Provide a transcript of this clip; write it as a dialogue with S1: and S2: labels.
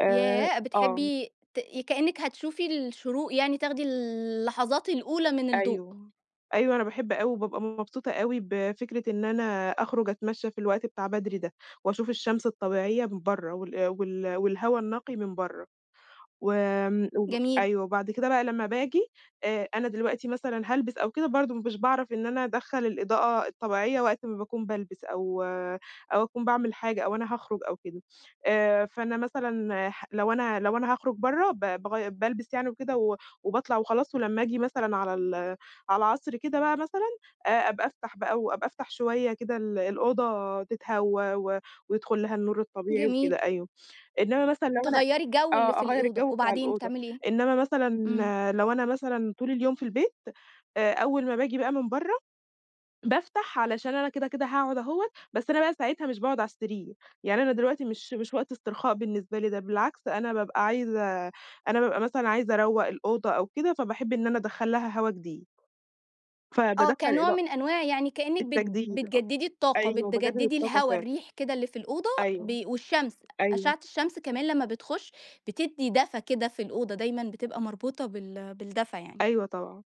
S1: آآ
S2: ياه!
S1: آه.
S2: بتحبي تأ ي كأنِك هتشوفي الشروق يعني تاخدي اللحظات الأولى من الضوء.
S1: أيوه، أيوه أنا باحب أوي وبابقى مبسوطة أوي بفكرة إن أنا أخرج اتمشى في الوقت بتاع بدري ده واشوف الشمس الطبيعية من برّا وال وال والهوا النقي من برّا، وآمم و
S2: جميل.
S1: أيوه وبعد كده بقى لمّا باجي آآ أنا دلوقتي مثلًا هالبس أو كده برضه مش باعرف إن أنا ادخّل الإضاءة الطبيعية وقت ما باكون بالبس أو أو اكون باعمل حاجة أو أنا هاخرج أو كده، آآ فأنا مثلًا ح لو أنا لو أنا هاخرج برّا ب باغي بالبس يعني وكده و وباطلع وخلاص ولمّا اجي مثلًا على ال على العصر كده بقى مثلًا آآ أبقى أفتح بقى و أبقى أفتح شوية كده ال الأوضة تتهوّى و ويدخل لها النور الطبيعي وكده
S2: جميل.
S1: أيوه، إنّما مثلًا لو أنا
S2: تغيّري الجو اللي
S1: آه
S2: في
S1: أغيّر
S2: الأوضة
S1: الجو بتاع
S2: وبعدين
S1: الأوضة،
S2: بتعملي إيه؟
S1: إنّما مثلًا
S2: إمم.
S1: لو أنا مثلًا طول اليوم في البيت آآ أول ما باجي بقى من برّا بافتح علشان أنا كده كده هاقعُد أهون بس أنا بقى ساعتها مش باقعُد على السرير يعني أنا دلوقتي مش مش وقت استرخاء بالنسبة لي، ده بالعكس أنا بابقى عايزة أنا بابقى مثلًا عايزة اروّق الأوضة أو كده فباحب إن أنا ادخّل لها هوا جديد
S2: آه،
S1: فبادخّل
S2: كنوع
S1: الإضاءة.
S2: من أنواع يعني كأنِك بت
S1: التجديد أ
S2: بتجددي الطاقة،
S1: أيوه باجدد
S2: بتجددي
S1: الطاقة
S2: الهوا
S1: فعلًا.
S2: الريح كده اللي في الأوضة
S1: أيوه.
S2: بي والشمس،
S1: أيوه.
S2: أشعة الشمس كمان لمّا بتخش بتدّي دفى كده في الأوضة دايمًا بتبقى مربوطة بال بالدفى يعني.
S1: أيوه طبعًا.